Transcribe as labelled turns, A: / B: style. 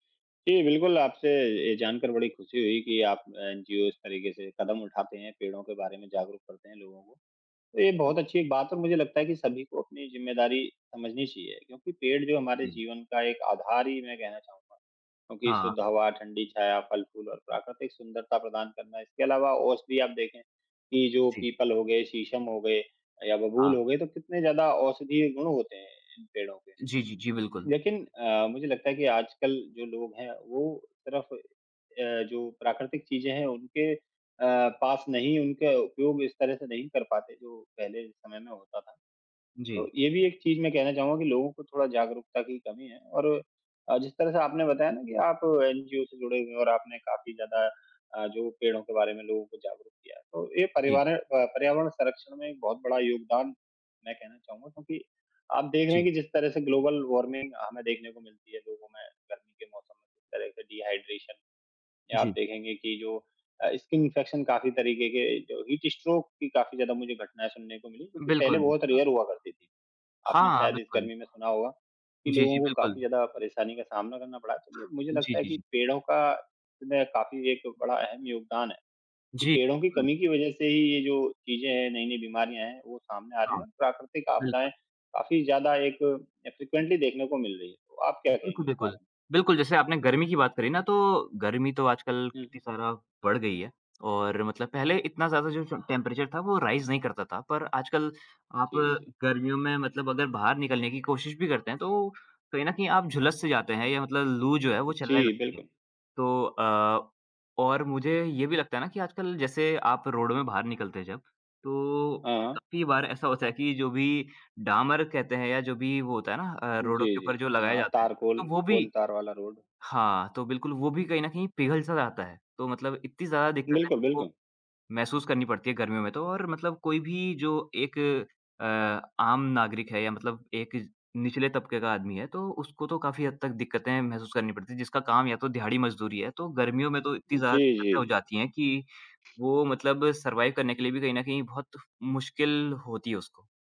A: जी, बिल्कुल आपसे ये जानकर बड़ी ख़ुशी हुई कि आप एनजीओ इस तरीके से कदम उठाते हैं, पेड़ों के बारे में जागरूक करते हैं लोगों को। तो ये बहुत अच्छी एक बात है मुझे लगता है कि सभी को अपनी ज़िम्मेदारी समझनी चाहिए क्योंकि पेड़ जो हमारे
B: जी, जी।
A: जीवन का एक आधार ही मैं कहना चाहूँगा। क्योंकि
B: हाँ।
A: शुद्ध हवा, ठंडी छाया, फल-फूल और प्राकृतिक सुंदरता प्रदान करना। इसके अलावा औषधि आप देखें कि जो
B: जी।
A: पीपल हो गए, शीशम हो गए या बबूल
B: हाँ।
A: हो गए तो कितने ज़्यादा औषधीय गुण होते हैं इन पेड़ों के।
B: जी, जी, जी, बिल्कुल।
A: लेकिन अ, मुझे लगता है कि आजकल जो लोग हैं वो सिर्फ़ अ, जो प्राकृतिक चीज़ें हैं उनके अ, पास नहीं उनके उपयोग इस तरह से नहीं कर पाते जो पहले समय में होता था। तो
B: जी।
A: ये भी एक चीज़ मैं कहना चाहूँगा कि लोगों को थोड़ा जागरूकता की कमी है और अ, जिस तरह से आपने बताया ना कि आप एनजीओ से जुड़े हुए हैं और आपने काफ़ी ज़्यादा अ, जो पेड़ों के बारे में लोगों को जागरूक किया। तो ये
B: जी।
A: परिवारें अ, पर्यावरण संरक्षण में बहुत बड़ा योगदान मैं कहना चाहूँगा क्योंकि आप देख रहे हैं
B: जी।
A: कि जिस तरह से ग्लोबल वार्मिंग हमें देखने को मिलती है। लोगों में गर्मी के मौसम में किस तरह से डिहाइड्रेशन या आप
B: जी।
A: देखेंगे कि जो अ, स्किन इन्फेक्शन काफ़ी तरीके के जो हीट स्ट्रोक की काफ़ी ज़्यादा मुझे घटनाएँ सुनने को मिलीं जो कि पहले
B: बिल्कुल, बि
A: बहुत
B: हाँ।
A: रेयर हुआ करती थीं। आपने
B: हाँ, हाँ
A: शायद इस
B: बिल्कुल।
A: गर्मी में सुना होगा कि
B: जी,
A: लोगों
B: जी
A: को काफ़ी
B: बिल्कुल।
A: ज़्यादा परेशानी का सामना करना पड़ा। तो मैं मुझे
B: जी,
A: लगता है
B: जी,
A: कि
B: जी।
A: पेड़ों का इसमें काफ़ी एक बड़ा अहम योगदान है कि
B: जी,
A: पेड़ों की
B: बिल्कुल।
A: कमी की वजह से ही ये जो चीज़ें हैं, नई-नई बीमारियाँ हैं वो सामने आ रही
B: हाँ,
A: हैं। प्राकृतिक
B: बिल्कुल।
A: आपदाएँ काफ़ी ज़्यादा एक अ, फ्रीक्वेंटली देखने को मिल रही हैं। तो आप क्या कहेंगे
B: बिल्कुल,
A: इस बारे
B: बिल्कुल।
A: में?
B: बिल्कुल, जैसे आपने गर्मी की बात करी ना तो गर्मी तो आजकल कितनी
A: हुँ।
B: ज़्यादा बढ़ गई है और मतलब पहले इतना ज़्यादा जो टेम्प टेम्परेचर था वो राइज़ नहीं करता था। पर आजकल आप
A: जी, जी।
B: गर्मियों में मतलब अगर बाहर निकलने की कोशिश भी करते हैं, तो कहीं न कहीं आप झुलस से जाते हैं या मतलब लू जो है वो चलने
A: जी,
B: लगती है।
A: बिल्कुल।
B: तो अ, और मुझे ये भी लगता है ना कि आजकल जैसे आप रोड में बाहर निकलते हैं जब तो
A: हाँ।
B: काफ़ी बार ऐसा होता है कि जो भी डामर कहते हैं या जो भी वो होता है ना अ,
A: जी,
B: रोडों के ऊपर
A: जी।
B: जो लगाया
A: हाँ
B: जाता हैं।
A: तारकोल,
B: हाँ, वो भी
A: कोलतार वाला रोड।
B: हाँ, तो बिल्कुल वो भी कहीं न
A: जी।
B: कहीं पिघल-सा जाता है। तो मतलब इतनी ज़्यादा दिक्कतें
A: बिल्कुल,
B: हमको
A: बिल्कुल।
B: महसूस करनी पड़ती हैं गर्मियों में तो और मतलब कोई भी जो एक अ, आम नागरिक है या मतलब एक निचले तबके का आदमी है। तो उसको तो काफ़ी हद तक दिक्कतें महसूस करनी पड़ती हैं। जिसका काम या तो दिहाड़ी मज़दूरी है तो गर्मियों में तो इतनी
A: जी,
B: ज़्यादा
A: जी,
B: दिक्कतें हो
A: जी।
B: जाती हैं कि वो मतलब सर्वाइव करने के लिए भी कहीं न कहीं बहुत मुश्किल होती है उसको।